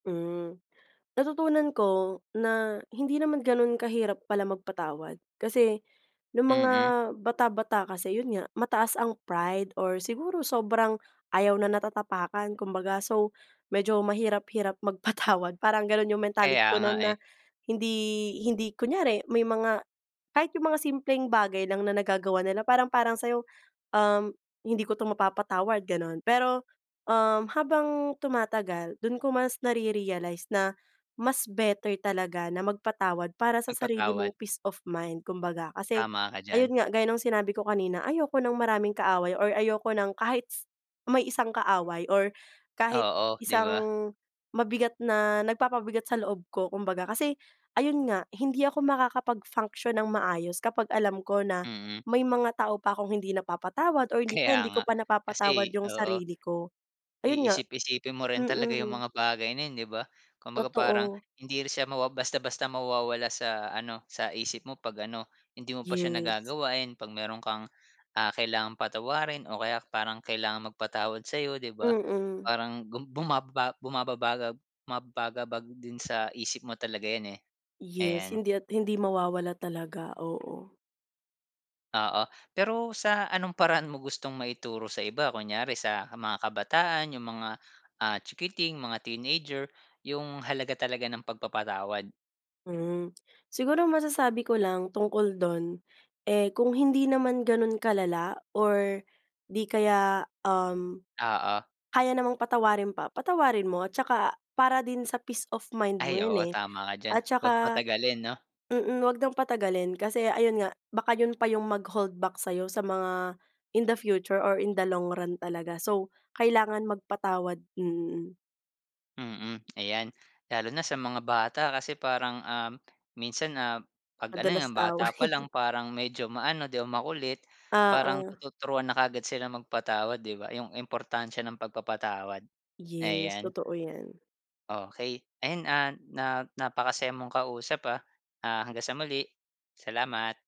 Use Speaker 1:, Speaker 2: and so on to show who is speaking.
Speaker 1: Hmm, natutunan ko na hindi naman ganun kahirap pala magpatawad. Kasi nung mga
Speaker 2: Mm.
Speaker 1: bata-bata kasi yun nga, mataas ang pride or siguro sobrang ayaw na natatapakan kumbaga, so medyo mahirap-hirap magpatawad. Parang ganon yung mentality
Speaker 2: Kaya
Speaker 1: ko
Speaker 2: nga
Speaker 1: nun na
Speaker 2: eh.
Speaker 1: hindi, hindi, kunyari may mga kahit yung mga simpleng bagay lang na nagagawa nila, parang parang sayo, um, hindi ko to mapapatawad ganon. Pero um habang tumatagal, dun ko mas nare-realize na mas better talaga na magpatawad para sa sarili
Speaker 2: Magpatawad.
Speaker 1: mong peace of mind, kumbaga kasi
Speaker 2: Tama ka diyan.
Speaker 1: ayon nga gayong sinabi ko kanina, ayoko ng maraming kaaway, or ayoko ng kahit may isang kaaway, or kahit
Speaker 2: Oo, di
Speaker 1: isang
Speaker 2: ba?
Speaker 1: mabigat na nagpapabigat sa loob ko kumbaga, kasi ayun nga, hindi ako makakapag-function ng maayos kapag alam ko na
Speaker 2: Mm.
Speaker 1: may mga tao pa akong hindi napapatawad or hindi
Speaker 2: Kaya
Speaker 1: hindi ko
Speaker 2: nga
Speaker 1: pa napapatawad
Speaker 2: kasi,
Speaker 1: yung
Speaker 2: oo.
Speaker 1: sarili ko. Ayun nga
Speaker 2: Iisip-isipin mo rin talaga yung
Speaker 1: Mm.
Speaker 2: mga bagay na yun, di ba? Kumbaga parang
Speaker 1: Totoo.
Speaker 2: hindi rin siya ma basta basta mawawala sa ano, sa isip mo pag ano, hindi mo pa siya
Speaker 1: Yes.
Speaker 2: nagagawa. Pag meron kang, ah, kailangang patawarin o kaya parang kailangan magpatawad sayo, di ba?
Speaker 1: Mm.
Speaker 2: Parang buma bumababa bumabagab bumababagabag din sa isip mo talaga yan eh.
Speaker 1: Yes,
Speaker 2: Ayan.
Speaker 1: hindi at hindi mawawala talaga, Oo.
Speaker 2: Oo, pero sa anong paraan mo gustong maituro sa iba? Kunyari sa mga kabataan, yung mga, ah, chikiting, mga teenager, yung halaga talaga ng pagpapatawad?
Speaker 1: Hmm, siguro masasabi ko lang tungkol dun, eh kung hindi naman ganun kalala? Or di kaya um
Speaker 2: Oo.
Speaker 1: kaya namang patawarin pa, patawarin mo at tsaka para din sa peace of mind mo
Speaker 2: Ay
Speaker 1: yun
Speaker 2: oo,
Speaker 1: eh.
Speaker 2: tama ka dyan.
Speaker 1: At
Speaker 2: Wag
Speaker 1: tsaka
Speaker 2: patagalin, no?
Speaker 1: mm, wag nang patagalin kasi ayun nga, baka yun pa yung mag holdback sayo sa mga in the future or in the long run talaga. So kailangan magpatawad. Mm.
Speaker 2: Mm, ay lalo na sa mga bata kasi parang um, minsan ah, pag ano nga
Speaker 1: Madalas
Speaker 2: bata pa lang
Speaker 1: away.
Speaker 2: parang medyo maano di o makulit, parang
Speaker 1: Oo.
Speaker 2: tuturuan na kaagad sila magpatawad, di ba? Yung importansya ng pagpapatawad
Speaker 1: Yes,
Speaker 2: Ayan.
Speaker 1: totoo yan.
Speaker 2: Okey, ayun ah, na napakasaya mong kausap ah. Ah, hanggang sa muli. Salamat.